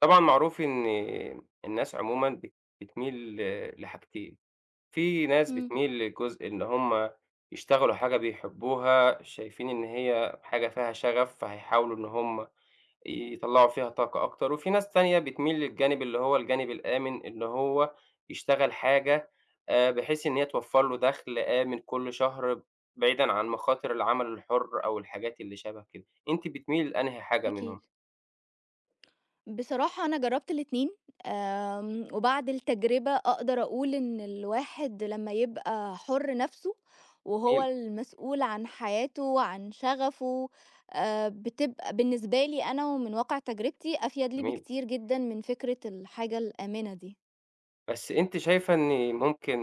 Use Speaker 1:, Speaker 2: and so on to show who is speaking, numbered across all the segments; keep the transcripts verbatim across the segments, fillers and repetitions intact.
Speaker 1: طبعًا، معروف إن الناس عمومًا بت بتميل ل لحاجتين. في ناس
Speaker 2: إمم.
Speaker 1: بتميل لجزء إن هُم يشتغَلوا حاجة بيحِبُّوها، شايِفين إن هي حاجة فيها شغَف، فهيحاولوا إن هُم يطلِّعوا فيها طاقة أكتر. وفيه ناس تانية بتميل للجانب اللي هو الجانب الآمن، إن هو يشتغَل حاجة آآ، بحيث إن هي توفر له دَخل آمن كل شهر، بعيدًا عن مخاطر العمل الحُرّ أو الحاجات اللي شبه كده. أنتِ بتميلي لأنهي حاجة منهم؟
Speaker 2: أكيد. بصراحة، أنا جرَّبت الاتنين، آمم، وبعد التجربة أقدَر أقول إن الواحد لمَّا يبقى حُرّ نفسه وهو
Speaker 1: جميل.
Speaker 2: المسؤول عن حياته وعن شغَفه، آآ، بتبقى بالنسبة لي أنا، ومن واقع تجربتي، أفيَد لي
Speaker 1: جميل.
Speaker 2: بكتير جدًا من فكرة الحاجة الآمِنة دي.
Speaker 1: بس أنتِ شايِفة إن ممكن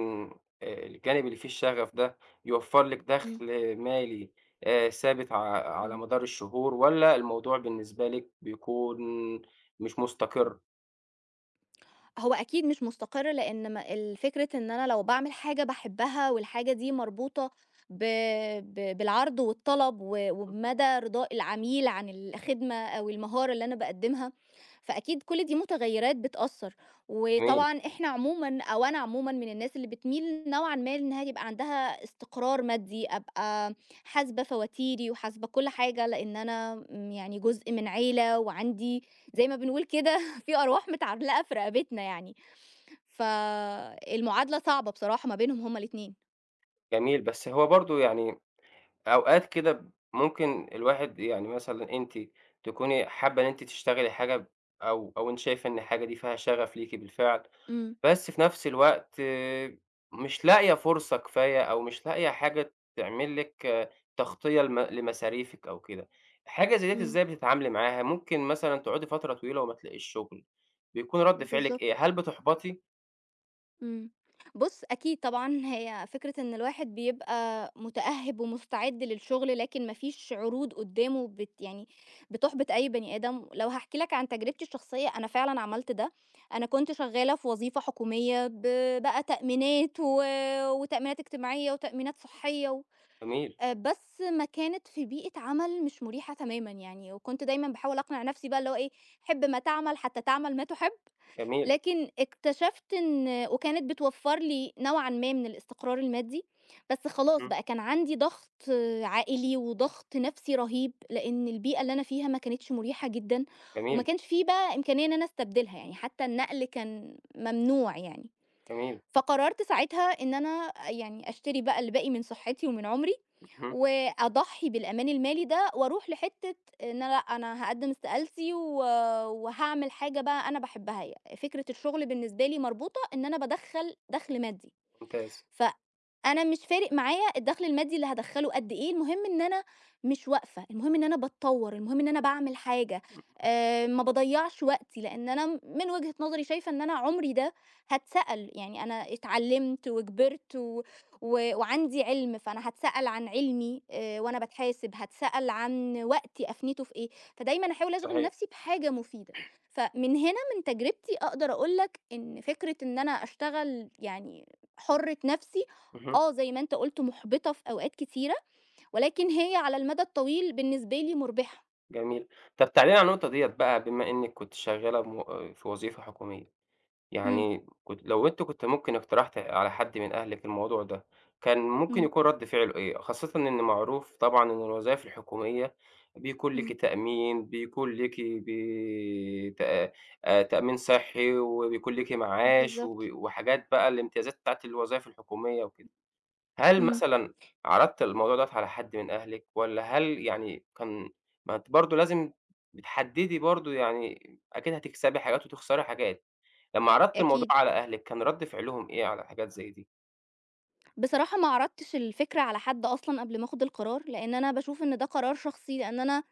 Speaker 1: آآ، الجانب اللي فيه الشغَف ده يوفر لِك
Speaker 2: إمم.
Speaker 1: دَخل مالي آآ ثابت، ع على
Speaker 2: إمم.
Speaker 1: مدار الشهور، والّا الموضوع بالنسبة لِك بيكون مش مستقر؟
Speaker 2: هو أكيد مش مستقِر لأن م الفكرة إن أنا لو باعمل حاجة باحبها، والحاجة دي مربوطة ب ب بالعرض والطلب، و
Speaker 1: [unintelligible]
Speaker 2: وبمدى رضاء العميل عن الخدمة أو المهارة اللي أنا باقدّمها، فأكيد كل دي متغيّرات بتأثّر،
Speaker 1: [unintelligible]
Speaker 2: وطبعًا إحنا عمومًا أو أنا عمومًا من الناس اللي بتميل نوعًا ما إنها يبقى عندها استقرار مادي، أبقى حاسبة فواتيري، وحاسبة كل حاجة لأن أنا امم يعني جزء من عيلة، وعندي زي ما بنقول كده فيه أرواح متعلقة في رقبتنا يعني، فالمعادلة صعبة بصراحة ما بينهم هُم الاتنين.
Speaker 1: جميل، بس هو برضه يعني أوقات كده ب ممكن الواحد يعني مثلًا أنتِ تكوني حابّة إن أنتِ تشتغلي حاجة ب أو أو أنتِ شايفة إن الحاجة دي فيها شغف ليكِ بالفعل،
Speaker 2: امم.
Speaker 1: بس في نفْس الوقت مش لاقية فرصة كفاية أو مش لاقية حاجة تعمل لِك تغطية لم لمصاريفك أو كده، حاجة زي ديّة
Speaker 2: امم.
Speaker 1: إزاي بتتعاملي معاها؟ ممكن مثلًا تقعدي فترة طويلة وما تلاقيش شغل، بيكون رد فعلِك إيه،
Speaker 2: بالضبط.
Speaker 1: هل بتُحبَطي؟
Speaker 2: امم، بُص، أكيد طبعًا هي فكرة إن الواحد بيبقى مُتأهِّب ومُستعد للشغل لكن ما فيش عروض قُدّامه بت يعني، بتحبِط أي بني آدم، لو هاحكي لك عن تجربتي الشخصيّة، أنا فعلًا عملت ده، أنا كُنت شغّالة في وظيفة حكومية ب بقى تأمينات و وتأمينات إجتماعيّة وتأمينات صحّية و
Speaker 1: جميل.
Speaker 2: آآ بس ما كانت في بيئة عمل مش مريحة تمامًا يعني وكنت دايمًا باحاول أقنِع نَفسي بقى اللي هو إيه، حِب ما تعمل حتى تعمل ما تُحب،
Speaker 1: جميل.
Speaker 2: لكن اكتشفت إن وكانت بتوفّر لي نوعًا ما من الإستقرار المادّي، بس خلاص
Speaker 1: اهم.
Speaker 2: بقى كان عَندي ضغْط عائلي وضغْط نَفسي رهيب، لإن البيئة اللي أنا فيها ما كانتش مُريحة جدًا، وما
Speaker 1: جميل.
Speaker 2: كانش في بقى إمكانية إن أنا أستبدلها يعني حتى النقل كان ممنوع يعني،
Speaker 1: جميل.
Speaker 2: فقرّرت ساعتها إن أنا آآ يعني أشتري بقى اللي باقي من صحّتي ومن عُمري،
Speaker 1: اهم.
Speaker 2: وأضحّي بالأمان المالي ده وأرُوح لحتّة إن أنا لأ أنا هاقدّم استقالتي و وهاعمل حاجة بقى أنا باحبّها، يعني فكرة الشغل بالنسبة لي مربوطة إن أنا بادخّل دخْل مادّي،
Speaker 1: ممتاز.
Speaker 2: ف أنا مش فارِق معايا الدخل المادّي اللي هادخّله قد إيه، المهم إن أنا مش واقفة، المهم إن أنا باتطوّر، المهم إن أنا باعمل حاجة،
Speaker 1: [unintelligible]
Speaker 2: آآ ما باضيّعش وقتي لإن أنا م من وجهة نظري شايفة إن أنا عُمري ده، هتسأل يعني أنا اتعلّمت وكبِرت و و وعندي عِلم فأنا هتسأل عن علمي، آآ وأنا باتحاسب هتسأل عن وقتي أفنيته في إيه، فدايمًا أحاول أشغِل
Speaker 1: صحيح.
Speaker 2: نَفسي بحاجة مُفيدة، فمن هنا من تجربتي أقدَر أقول لك إن فكرة إن أنا أشتغل يعني، حُرّة نَفسي،
Speaker 1: اهم.
Speaker 2: آه زي ما أنت قُلت مُحبِطة في أوقات كتيرة، ولكن هي على المدى الطويل بالنسبة لي مُربِحة.
Speaker 1: جميل. طَب تعالي لي على النقطة ديَّة بقى، بما إنِّك كنتِ شغَّالة مو في وظيفة حكومية،
Speaker 2: إمم.
Speaker 1: يعني كنتِ لو أنتِ كنتِ ممكن اقتَرَحتِ على حد من أهلِك الموضوع ده، كان ممكن
Speaker 2: إمم.
Speaker 1: يكون ردّ فعله إيه؟ خاصةً إن معروف طبعًا إن الوظايِف الحكومية، بيكون ليكِ
Speaker 2: إمم.
Speaker 1: تأمين، بيكون ليكِ بي تا تأمين صحِّي، وبيكون ليكِ معاش،
Speaker 2: بالضبط.
Speaker 1: وبي وحاجات بقى، الامتيازات بتاعة الوظايِف الحكومية وكده. هل
Speaker 2: إمم.
Speaker 1: مثلًا عرَضتِ الموضوع دوَّه على حد من أهلِك، والّا هل يعني كان ما أنتِ برضو لازِم بتحدِّدي برضو يعني، أكيد هتكسَبي حاجات وتخسَري حاجات. لمَّا عرَضتِ الموضوع
Speaker 2: أكيد.
Speaker 1: على أهلِك، كان ردّ فِعلهُم إيه على حاجات زي دي؟
Speaker 2: بصراحة، ما عرضتِش الفكرة على حد أصلًا قبل ما آخُد القرار، لإن أنا باشوف إن ده قرار شخصي. لإن أنا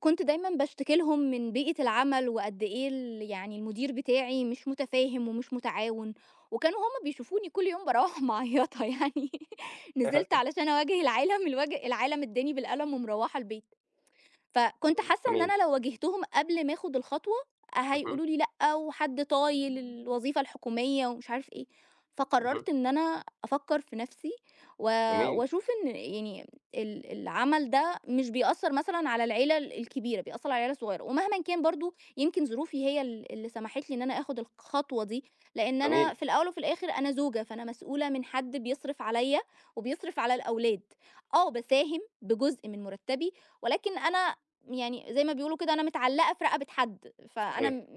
Speaker 2: كنت دايمًا باشتكِي لهُم من بيئة العمَل، وقد إيه ال يعني المدير بتاعي مش متفاهم ومش متعاون، وكانوا هُم بيشوفوني كل يوم بارَوِّح معيَّطة يعني، نزَلِت علشان أواجِه العالَم، الوج العالَم أدَّاني بالقلَم ومرَوِّحة البيت. فكنت
Speaker 1: إمم.
Speaker 2: حاسَّة إن
Speaker 1: جميل.
Speaker 2: أنا لو واجهتهم قبل ما آخُد الخطوة،
Speaker 1: اهم.
Speaker 2: هيقولوا لي: "لأ، وحد طايِل الوظيفة الحكومية ومش عارف إيه."
Speaker 1: اهم.
Speaker 2: فقرَّرت إن أنا أفكر في نفسي، و
Speaker 1: جميل.
Speaker 2: وأشوف إن يعني ال العمل ده مش بيأثِّر مثلًا على العيلة الكبيرة، بيأثِّر على العيلة الصغيرة. ومهمًا كان، برضو يمكن ظروفي هي ال اللي سمَحِت لي إن أنا آخُد الخطوة دي، لإن أنا
Speaker 1: جميل.
Speaker 2: في الأوَّل وفي الآخِر أنا زوجة، فأنا مسؤولة من حد بيصرف عليَّا وبيصرف على الأولاد. آه، باساهم بجُزء من مرتَّبي، ولكن أنا يعني زي ما بيقولوا كده، أنا متعلِّقة في رقبة حد، فأنا
Speaker 1: صحيح.
Speaker 2: م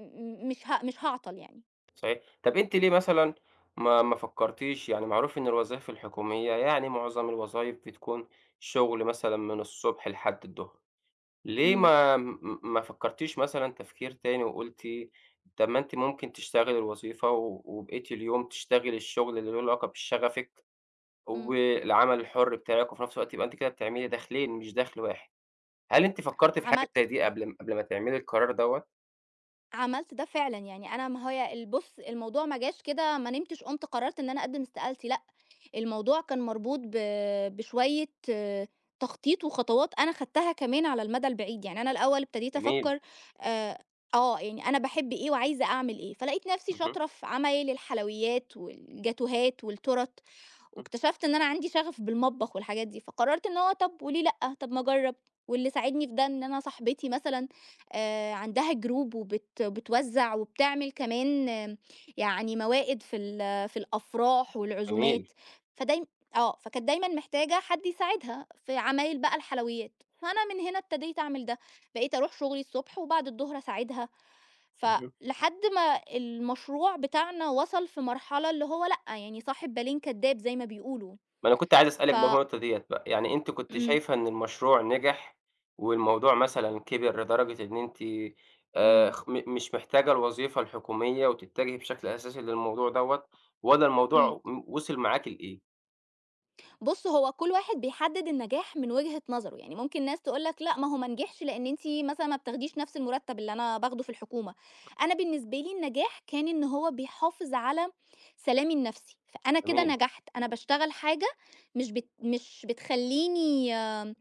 Speaker 2: مش ه مش هاعطل يعني.
Speaker 1: صحيح طَب أنتِ ليه مثلًا، ما ما فكرتيش يعني معروف إن الوظايف الحكومية يعني معظم الوظايف بتكون شُغل مثلًا من الصبح لحد الضُّهر، ليه
Speaker 2: امم.
Speaker 1: ما م م ما فكرتيش مثلًا تفكير تاني وقُلتِ طَب ما أنتِ ممكن تشتغلي الوظيفة و وبقيَّة اليوم تشتغلي الشُّغل اللي له علاقة بشغفِك،
Speaker 2: امم.
Speaker 1: والعمل الحُرّ بتاعِك، وفي نَفْس الوقت يبقى أنتِ كده بتعملي دَخلَين مش دَخل واحد، هل أنتِ فكرتي في حاجة
Speaker 2: عملت
Speaker 1: زي دي قبل ما قبل ما تعملي القرار دوّة؟
Speaker 2: عملت ده فعلًا يعني أنا ما هو يا ال بُص الموضوع ما جاش كده ما نمتش قُمت قررت إن أنا أقدِّم استقالتي لأ، الموضوع كان مربوط ب بشوية تخطيط وخطوات أنا خدتها كمان على المدى البعيد، يعني أنا الأوّل ابتديت
Speaker 1: جميل.
Speaker 2: أفكّر آآ آه، يعني أنا باحِبّ إيه وعايزة أعمل إيه، فلقيت نَفْسي
Speaker 1: اهم.
Speaker 2: شاطرة في عمايل الحلويّات والجاتوهات والتُّورَت،
Speaker 1: اهم.
Speaker 2: واكتشفت إن أنا عندي شغف بالمطبخ والحاجات دي، فقررت إن هو طَب وليه لأ، طَب ما أجرّب، واللي ساعدني في ده إن أنا صاحبتي مثلًا، آآ عندها Group وبت بتوزع وبتعمل كمان يعني موائد في ال في الأفراح
Speaker 1: جميل.
Speaker 2: والعزومات، فدايمً آه، فكانت دايمًا محتاجة حد يساعدها، في عمايل بقى الحلويّات، فأنا من هنا ابتديت أعمل ده، بقيت أروح شُغلي الصبح وبعد الضُّهر أساعِدها، ف
Speaker 1: اهم.
Speaker 2: لحد ما المشروع بتاعنا وصل في مرحلة اللي هو لأ، يعني صاحب بالين كدّاب زي ما بيقولوا،
Speaker 1: ما أنا كُنت عايز أسألِك
Speaker 2: ف
Speaker 1: بالنقطة ديّة بقى، يعني أنتِ كُنتِ
Speaker 2: امم.
Speaker 1: شايفة إن المشروع نِجح، والموضوع مثلًا كِبر لدرجة إن أنتِ آآ
Speaker 2: امم.
Speaker 1: خ م مش محتاجة الوظيفة الحكومية وتتجهي بشكل أساسي للموضوع دوّة، والّا
Speaker 2: امم.
Speaker 1: الموضوع م وصِل معاكِ لإيه؟
Speaker 2: بُص، هو كل واحد بيحدد النجاح من وجهة نظره، يعني ممكن ناس تقول لك لأ، ما هو ما نجحش، لأن أنتِ مثلًا ما بتاخديش نفس المرتب اللي أنا باخده في الحكومة. أنا بالنسبة لي النجاح، كان إن هو بيحافظ على سلامي النفسي، فأنا كده
Speaker 1: جميل.
Speaker 2: نجحت، أنا باشتغل حاجة مش بت مش بتخلّيني آآ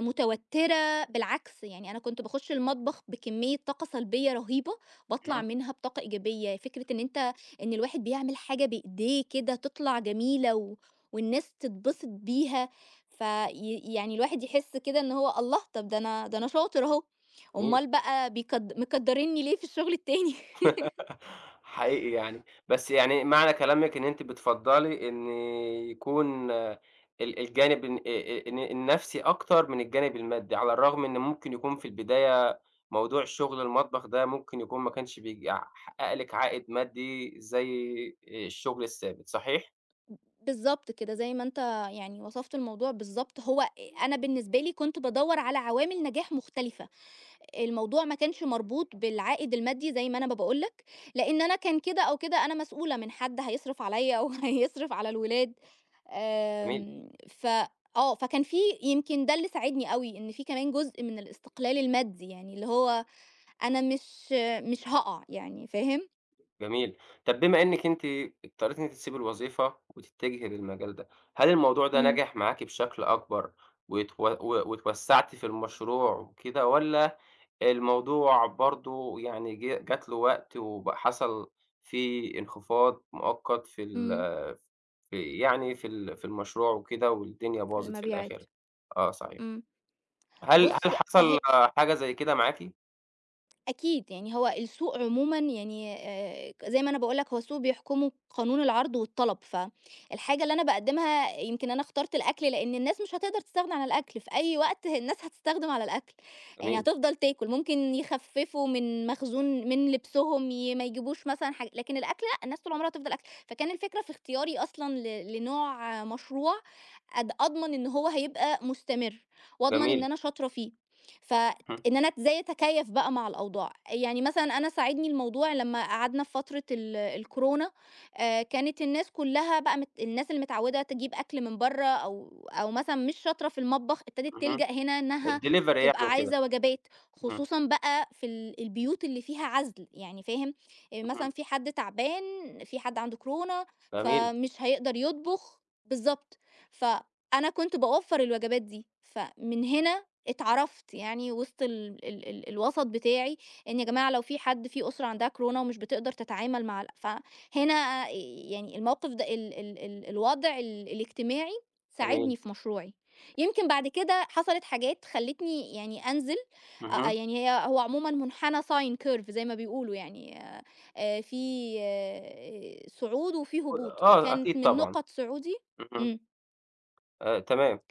Speaker 2: متوترة، بالعكس يعني أنا كنت باخش المطبخ بكمية طاقة سلبية رهيبة، باطلع
Speaker 1: اهم.
Speaker 2: منها بطاقة إيجابية، فكرة إن أنت، إن الواحد بيعمل حاجة بإيديه كده تطلع جميلة، و والناس تتبسط بيها، ف ي يعني الواحد يحس كده إن هو الله! طب دا أنا دا أنا شاطر أهو،
Speaker 1: جميل.
Speaker 2: أومّال بقى بيكد مكدرينني ليه في الشغل التاني؟
Speaker 1: حقيقي يعني، بس يعني معنى كلامِك إن أنتِ بتفضّلي إن يكون ال الجانب الن آآ ال الن النفسي أكتر من الجانب المادي، على الرغم إن ممكن يكون في البداية موضوع شغل المطبخ ده، ممكن يكون ما كانش بيع بيحقق لِك عائد مادي زي الشغل الثابت، صحيح؟
Speaker 2: بالضبط كده، زي ما أنت يعني وصفت الموضوع بالضبط، هو أنا بالنسبة لي كنت بادوّر على عوامل نجاح مختلفة، الموضوع ما كانش مربوط بالعائد المادي، زي ما أنا ما باقول لك، لأن أنا كان كده أو كده أنا مسئولة من حد هيصرِف عليّا وهيصرِف على الولاد،
Speaker 1: جميل.
Speaker 2: آمم ف آه، فكان في يمكن دا اللي ساعدني أوي، إن في كمان جزء من الاستقلال المادي، يعني اللي هو أنا مش مش هاقع يعني، فاهم؟
Speaker 1: جميل، طَب بما أنِك أنتِ اضطريتي إن أنتِ تسيبي الوظيفة، وتتجهي للمجال ده، هل الموضوع ده
Speaker 2: إمم.
Speaker 1: نجح معاكِ بشكل أكبر وتو و واتوسعّتِ في المشروع وكده؟ والّا الموضوع برضو يعني جـه جات له وقت وب حصل فيه انخفاض مؤقت في ال
Speaker 2: إمم.
Speaker 1: في يعني في ال في المشروع وكده والدنيا
Speaker 2: في
Speaker 1: باظت في
Speaker 2: المبيعات.
Speaker 1: الآخر؟ آه صحيح.
Speaker 2: إمم.
Speaker 1: هل هل
Speaker 2: بُص ه
Speaker 1: حصل حاجة زي كده معاكِ؟
Speaker 2: أكيد، يعني هو السوق عمومًا يعني آآ زي ما أنا باقول لك، هو السوق بيحكمه قانون العرض والطلب، فالحاجة اللي أنا باقدّمها يمكن أنا اخترت الأكل لأن الناس مش هتقدر تستغنى عن الأكل، في أي وقت الناس هتستخدم على الأكل، يعني
Speaker 1: جميل.
Speaker 2: هتفضل تاكل، ممكن يخففوا من مخزون من لبسهم، ي ما يجيبوش مثلًا حاجة لكن الأكل لأ الناس طول عمرها هتفضل آكله، فكان الفكرة في اختياري أصلًا ل لنوع مشروع أض أضمن إن هو هيبقى مستمر، وأضمن إن
Speaker 1: جميل.
Speaker 2: أنا شاطرة فيه،
Speaker 1: اهم.
Speaker 2: فإن أنا إزاي أتكيّف بقى مع الأوضاع يعني مثلًا أنا ساعدني الموضوع لمّا قعدنا في فترة ال الكورونا آآ كانت الناس كلها بقى مت الناس اللي متعودة تجيّب أكل من برة أو أو مثلًا مش شاطرة في المطبخ، ابتدت
Speaker 1: اهم.
Speaker 2: تلجأ هنا إنها
Speaker 1: الdelivery يعني
Speaker 2: تبقى
Speaker 1: وكده.
Speaker 2: عايزة وجبات
Speaker 1: اهم.
Speaker 2: خصوصًا بقى في ال البيوت اللي فيها عزل يعني فاهم؟ آآ
Speaker 1: اهم.
Speaker 2: مثلًا في حد تعبان في حد عنده كورونا
Speaker 1: جميل.
Speaker 2: فمش هيقدر يطبخ بالضبط فأنا كنت باوفّر الوجبات دي، فمن هنا اتعرفت يعني وسط ال ال ال الوسَط بتاعي إن يا جماعة لو في حد في أسرة عندها كورونا ومش بتقدر تتعامل مع ال فهنا يعني الموقف ده ال ال ال الوضع ال الإجتماعي ساعدني
Speaker 1: جميل.
Speaker 2: في مشروعي، يمكن بعد كده حصلت حاجات خلّتني يعني أنزل أ أ
Speaker 1: اهم.
Speaker 2: يعني ه هو عمومًا منحنى sine curve زي ما بيقولوا يعني، آآ آآ فيه صعود وفيه هبوط
Speaker 1: آه،
Speaker 2: كانت
Speaker 1: أكيد
Speaker 2: من
Speaker 1: طبعًا.
Speaker 2: نقط صعودي
Speaker 1: اهم.
Speaker 2: إمم.
Speaker 1: آآ تمام.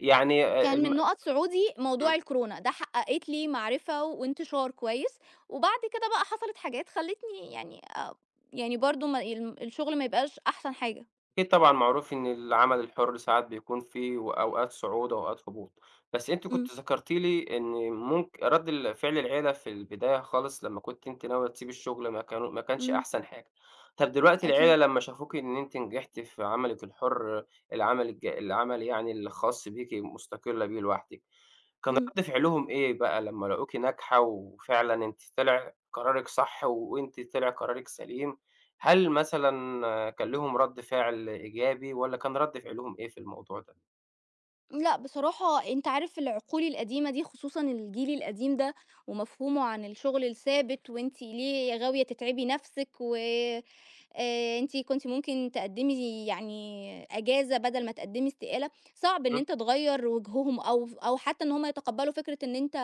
Speaker 1: يعني آآ
Speaker 2: كان
Speaker 1: الم
Speaker 2: من نُقط صعودي موضوع
Speaker 1: امم.
Speaker 2: الكورونا، ده حققت لي معرفة وانتشار كويّس، وبعد كده بقى حصلت حاجات خلّتني يعني آآ يعني برضو ما ال الشُّغل ما يبقاش أحسن حاجة.
Speaker 1: أكيد طبعًا معروف إن العمل الحُر ساعات بيكون في وأوقات صعود وأوقات هبوط، بس أنتِ كُنتِ
Speaker 2: امم.
Speaker 1: ذكرتِ لي إن ممك رد ال فعل العيلة في البداية خالص لمّا كُنتِ أنتِ ناوية تسيبِ الشغل ما كانوا ما كانش
Speaker 2: امم.
Speaker 1: أحسن حاجة، طَب دلوقتي العيلة
Speaker 2: أكيد.
Speaker 1: لمّا شافوكِ إن أنتِ نجحتِ في عملِك الحُر، العمل الج العمل يعني الخاص بيكِ مُستقلة بيه لوحدِك، كان
Speaker 2: امم.
Speaker 1: رد فعلهم إيه بقى لمّا لاقوكِ ناجحة وفعلًا أنتِ طلع قرارِك صح، وأنتِ طلع قرارِك سليم؟ هل مثلًا كان ليهم رد فعل إيجابي، والّا كان رد فعلهم إيه في الموضوع ده؟
Speaker 2: لأ، بصراحة أنت عارف العقول القديمة دي خصوصًا الجيل القديم ده، ومفهومه عن الشُّغل الثابت، وأنتِ ليه غاوية تتعبي نفْسِك وآآ آآ أنتِ كُنتِ ممكن تقدمي يعني إجازة بدل ما تقدمي استقالة، صعب إن
Speaker 1: امم.
Speaker 2: أنت تغيّر وجههم أو ف أو حتّى إن هُم يتقبلوا فكرة إن أنت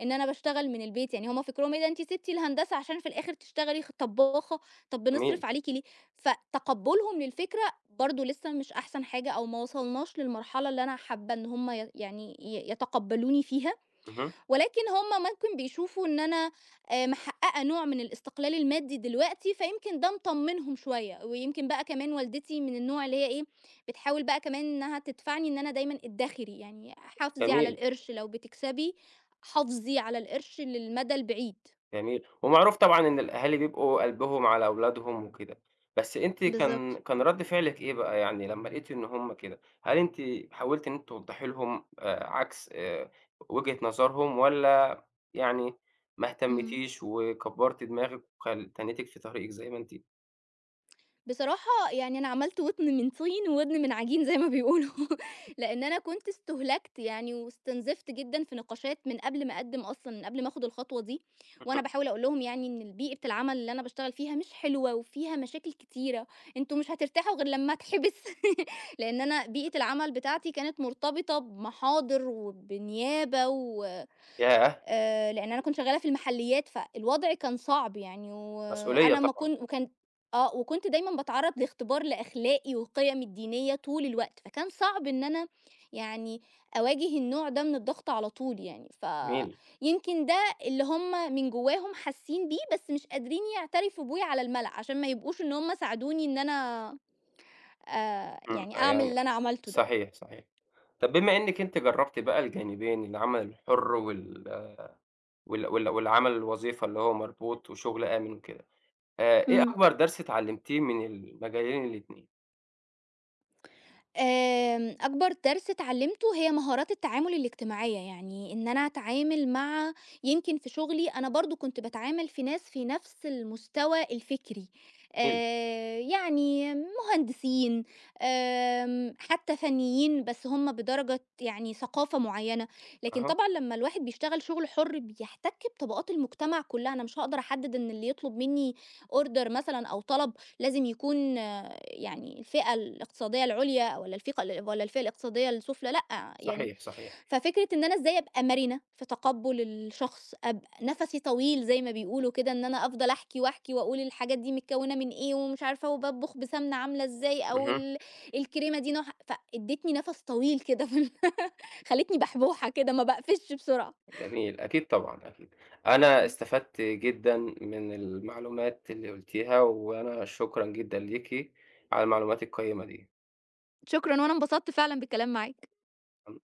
Speaker 2: إن أنا باشتغل من البيت، يعني هُم فكرهم إيه ده أنتِ سِبتِ الهندسة عشان في الآخر تشتغلي خ طباخة، طَب بنصرف
Speaker 1: جميل.
Speaker 2: عليكِ ليه، ف تقبلهم للفكرة، برضو لسّه مش أحسن حاجة، أو ما وصلناش للمرحلة اللي أنا حابّة إن هُم ي يعني ي يتقبلوني فيها،
Speaker 1: اهم.
Speaker 2: ولكن هُم ممكن بيشوفوا إن أنا، آآ محققة نوع من الاستقلال المادي دلوقتي، فيمكن ده مطمنهم شويّة، ويمكن بقى كمان والدتي من النوع اللي هي إيه، بتحاول بقى كمان إنّها تدفعني إن أنا دايمًا ادخري، يعني حافظي على
Speaker 1: جميل.
Speaker 2: القرش لو بتكسبي، حافظي على القرش للمدى البعيد.
Speaker 1: جميل، ومعروف طبعًا إن الأهالي بيبقوا قلبهم على أولادهم وكده، بس أنتِ كان
Speaker 2: بالضبط.
Speaker 1: كان رد فعلِك إيه بقى يعني لمّا لقيتِ إن هُم كده؟ هل أنتِ حاولتِ إن أنتِ توضحي لهم آآ عكس آآ، وجهة نظرهم، والّا يعني ما
Speaker 2: امم.
Speaker 1: اهتمتيش وكبرتِّ دماغِك، وخل تنيتِك في طريقِك زي ما أنتِ؟
Speaker 2: بصراحة، يعني أنا عملت وتن من طين وودن من عجين زَي ما بيقولوا، لإن أنا كنت استُهلكت يعني واستُنزفت جدًا في نقاشات من قبل ما أقَدِّم أصلًا، من قبل ما آخُد الخطوة دي. وأنا
Speaker 1: اهم.
Speaker 2: باحاول أقول لهم يعني إن ال بيئة العمل اللي أنا باشتغل فيها مش حلوة وفيها مشاكل كتيرة، أنتم مش هترتاحوا غِير لمّا أتحبِِس. لإن أنا
Speaker 1: [unintelligible]
Speaker 2: بيئة العمل بتاعتي كانت مُرتبطة بمحاضِر وبنيابة و
Speaker 1: ياه!
Speaker 2: آآ لإن أنا كنت شغَّالة في المحلِّيات، فالوضع كان صعب يعني
Speaker 1: مسؤولية
Speaker 2: وأنا ما
Speaker 1: طبعًا.
Speaker 2: كنت وكان آه، وكنت دايمًا باتعرّض لاختبار لأخلاقي وقِيمي الدينية طُول الوقت، فكان صعب إن أنا يعني أواجه النوع ده من الضغط على طُول يعني، ف
Speaker 1: جميل.
Speaker 2: يمْكِن ده اللي هُم من جواهم حاسِّين بيه، بس مش قادرين يعترفوا بيه على الملأ، عشان ما يبقوش إن هُم ساعدوني إن أنا آآ
Speaker 1: إمم
Speaker 2: يعني أعمل
Speaker 1: فيعني
Speaker 2: اللي أنا عملتُه ده.
Speaker 1: صحيح، صحيح، طَب بما إنَِك أنتِ جربتِ بقى الجانبين، العمل الحُر، وال وال وال والعمل الوظيفة اللي هو مربوط وشُغل آمن وكده، آآ إيه
Speaker 2: إمم.
Speaker 1: أكبر درْس اتعلمتيه من المجالين الاتنين؟
Speaker 2: آمم، أكبر درس اتعلّمته هي مهارات التعامل الإجتماعية يعني، إن أنا أتعامل مع يمكن في شغلي، أنا برضه كنت باتعامل في ناس في نفس المستوى الفكري،
Speaker 1: [unintelligible]
Speaker 2: آآ يعني مهندسين، آمم حتى فنيين، بس هُم بدرجة يعني ثقافة معيّنة لكن
Speaker 1: أها.
Speaker 2: طبعًا لمّا الواحد بيشتغل شغل حُر، بيحتك بطبقات المجتمع كُلّها، أنا مش هاقدر أحدد إن اللي يطلب مني order مثلًا أو طلب لازم يكون يعني الفئة الإقتصادية العُليا والّا الفئة والّا الفئة الاقتصادية السُفلى، لأ يعني.
Speaker 1: صحيح، صحيح.
Speaker 2: ففكرة إن أنا إزاي أبقى مرنة في تقبُّل الشخص، أبقى نَفَسي طويل زي ما بيقولوا كده، إن أنا أفضل أحكي، وأحكي وأقول الحاجات دي متكوّنة من إيه، ومش عارفة، وباطبخ بسَمنة عاملة إزاي أو
Speaker 1: اهم.
Speaker 2: ال الكريمة دي نوعها فادّتني نفس طويل كده ف خلّتني بحبوحة كده، ما باقفشش بسرعة.
Speaker 1: جميل، أكيد طبعًا، أكيد. أنا
Speaker 2: امم.
Speaker 1: استفدت جدًا من المعلومات اللي قُلتِيها، وأنا شكرًا جدًا ليكِ على المعلومات القيّمة دي.
Speaker 2: شكرًا، وأنا انبسطت فعلًا بالكلام معاك.